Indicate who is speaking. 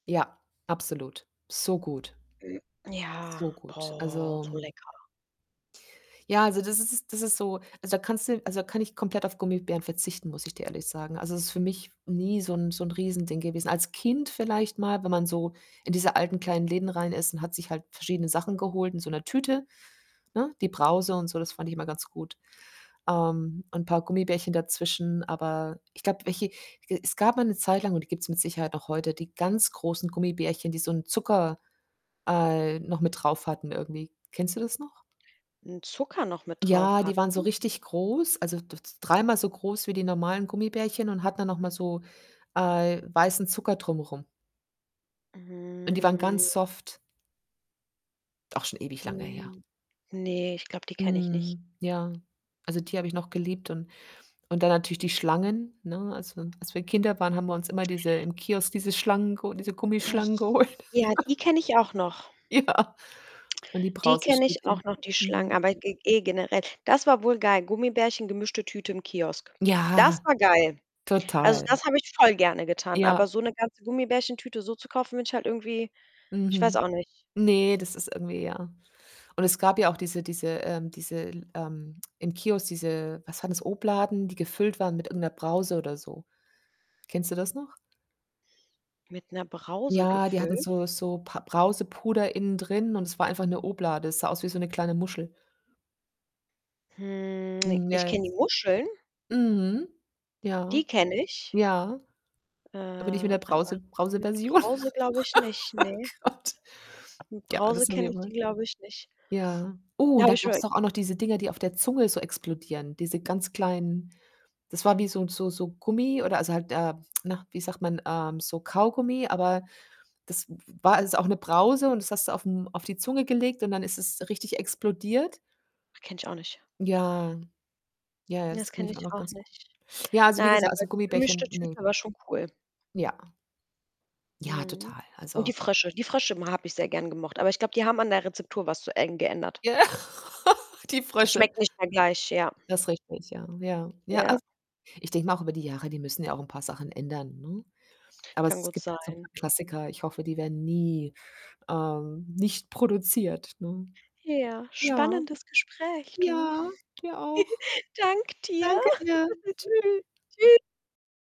Speaker 1: Ja, absolut. So gut.
Speaker 2: Ja,
Speaker 1: So gut.
Speaker 2: boah,
Speaker 1: Also
Speaker 2: so lecker.
Speaker 1: Ja, also das ist ist das ist so also da kannst du also, da kann ich komplett auf Gummibären verzichten, muss ich dir ehrlich sagen. Also, es ist für mich nie so 'n so 'n Riesending gewesen. Als Kind vielleicht mal, wenn man so in diese alten kleinen Läden rein ist und hat sich halt verschiedene Sachen geholt, in so 'ner Tüte, ne? Die Brause und so, das fand ich immer ganz gut, ähm, und 'n paar Gummibärchen dazwischen, aber ich glaube, welche es gab mal 'ne Zeit lang und die gibt's mit Sicherheit noch heute, die ganz großen Gummibärchen, die so 'n Zucker, äh, noch mit drauf hatten irgendwie. Kennst du das noch?
Speaker 2: 'N Zucker noch mit
Speaker 1: Ja,
Speaker 2: drauf
Speaker 1: die waren so
Speaker 2: hatten?
Speaker 1: richtig groß, also d d dreimal so groß wie die normalen Gummibärchen und hatten dann noch mal so, äh, weißen Zucker drum rum. Und die waren
Speaker 2: Mm.
Speaker 1: ganz soft. Auch schon ewig lange her.
Speaker 2: Mm. Ne, ich glaube, die kenne ich nicht.
Speaker 1: Mhm, ja. Also, die habe ich noch geliebt und und dann natürlich die Schlangen, ne? Als wi als wir Kinder waren, haben wir uns immer diese im Kiosk, diese Schlangen geho diese
Speaker 2: Nich
Speaker 1: Gummischlangen geholt.
Speaker 2: ja, die kenne ich auch noch.
Speaker 1: Ja, und die
Speaker 2: Die kenne ich auch
Speaker 1: Brause-Stäbchen,
Speaker 2: noch, die Schlangen,
Speaker 1: mhm.
Speaker 2: aber g ge generell, das war wohl geil. Gummibärchen, gemischte Tüte im Kiosk.
Speaker 1: Ja.
Speaker 2: Das war geil. Also,
Speaker 1: Total.
Speaker 2: das habe ich voll gerne getan,
Speaker 1: Ja.
Speaker 2: aber so 'ne ganze Gummibärchen Tüte so zu kaufen, wenn ich halt irgendwie ich weiß
Speaker 1: Mhm.
Speaker 2: auch nicht.
Speaker 1: Ne, das ist irgendwie, ja. Und es gab ja auch diese diese, ähm diese, ähm im Kiosk diese was war das? Obladen, die gefüllt waren mit irgendeiner Brause oder so. Kennst du das noch?
Speaker 2: Mit 'ner Brause
Speaker 1: Ja, die hatten
Speaker 2: gefüllt?
Speaker 1: so so Pa Brausepuder innen drin und es war einfach eine Oblade. Es sah aus wie so 'ne kleine Muschel.
Speaker 2: Hm, ne,
Speaker 1: Mm,
Speaker 2: ich kenne die
Speaker 1: jetzt
Speaker 2: Muscheln.
Speaker 1: mhm. Ja.
Speaker 2: Die kenne ich.
Speaker 1: Ja.
Speaker 2: Äh,
Speaker 1: Aber nicht mit 'ner
Speaker 2: aber
Speaker 1: Brause
Speaker 2: mit
Speaker 1: Brauseversion.
Speaker 2: Brause glaube ich nicht, ne.
Speaker 1: Gott.
Speaker 2: Mit
Speaker 1: Ja, das
Speaker 2: Brause
Speaker 1: sind
Speaker 2: kenne
Speaker 1: wir
Speaker 2: ich
Speaker 1: wohl.
Speaker 2: die glaube ich nicht.
Speaker 1: Ja. Oh, und dann gab 's
Speaker 2: [unintelligible]
Speaker 1: doch auch noch diese Dinger, die auf der Zunge so explodieren. Diese ganz kleinen das war wie so 'n so so Gummi oder also halt, äh na, wie sagt man? Ähm, so Kaugummi, aber das w war ist auch 'ne Brause und das hast du auf 'm auf die Zunge gelegt und dann ist es richtig explodiert.
Speaker 2: Kenne ich auch nicht.
Speaker 1: Ja. Ja, ja,
Speaker 2: Ne, das
Speaker 1: das kenne
Speaker 2: kenne
Speaker 1: ich auch
Speaker 2: ich
Speaker 1: noch
Speaker 2: auch
Speaker 1: ganz gu
Speaker 2: nicht.
Speaker 1: ja, also wie
Speaker 2: Nein,
Speaker 1: gesagt,
Speaker 2: aber
Speaker 1: also
Speaker 2: 'ne gemischte
Speaker 1: Gummibärchen,
Speaker 2: Tüte
Speaker 1: ne.
Speaker 2: war schon cool.
Speaker 1: Ja. Ja,
Speaker 2: Mhm.
Speaker 1: total.
Speaker 2: Und
Speaker 1: Also
Speaker 2: die Frösche. Die Frösche m habe ich sehr gerne gemocht, aber ich glaube, die haben an der Rezeptur was zu eng geändert.
Speaker 1: Ja, die Frösche.
Speaker 2: Schmeckt nicht mehr gleich, ja.
Speaker 1: Das richtig, ja, ja. Ja,
Speaker 2: Ja.
Speaker 1: als ich denke mal auch über die Jahre, die müssen ja auch 'n paar Sachen ändern, ne? Aber
Speaker 2: Kann
Speaker 1: es
Speaker 2: gut
Speaker 1: gibt halt so
Speaker 2: sein.
Speaker 1: paar Klassiker, ich hoffe, die werden nie, ähm, nicht produziert, ne?
Speaker 2: Ja,
Speaker 1: Ja.
Speaker 2: spannendes Gespräch, du.
Speaker 1: Ja, dir auch.
Speaker 2: Dank dir.
Speaker 1: Danke dir. Tschü
Speaker 2: Tschü